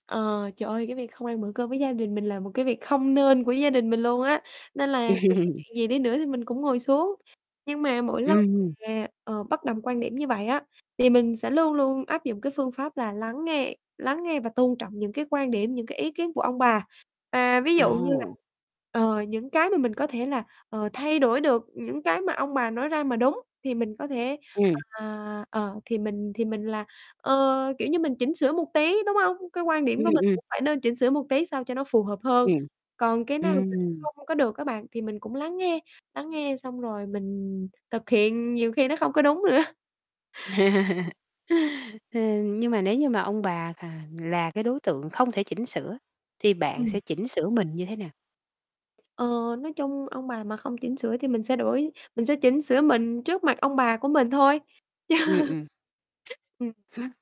Ờ, trời ơi cái việc không ăn bữa cơm với gia đình mình là một cái việc không nên của gia đình mình luôn á, nên là dù có chuyện gì đi nữa, thì mình cũng ngồi xuống. Nhưng mà mỗi lần Ừm. mà, ờ, bất đồng quan điểm như vậy á, thì mình sẽ luôn luôn áp dụng cái phương pháp là lắng nghe, lắng nghe và tôn trọng những cái quan điểm, những cái ý kiến của ông bà. Và ví dụ như là, Ồ. ờ, những cái mà mình có thể là, ờ, thay đổi được, những cái mà ông bà nói ra mà đúng thì mình có thể, Ừm. à, ờ, thì mình thì mình là, ờ, kiểu như, mình chỉnh sửa một tí, đúng hông? Cái quan điểm Ừm, của mình ừm. cũng phải nên chỉnh sửa một tí sao cho nó phù hợp hơn, Ừm, còn cái nào mà ừm. không có được á bạn thì mình cũng lắng nghe, lắng nghe xong rồi mình thực hiện nhiều khi nó không có đúng nữa. Ừm, nhưng mà nếu như mà ông bà khà là cái đối tượng không thể chỉnh sửa thì bạn sẽ Ừm. chỉnh sửa mình như thế nào? Ờ, nói chung ông bà mà không chỉnh sửa thì mình sẽ đổi mình sẽ chỉnh sửa mình trước mặt ông bà của mình thôi. Ừm, ừm. Ừm. Hưm?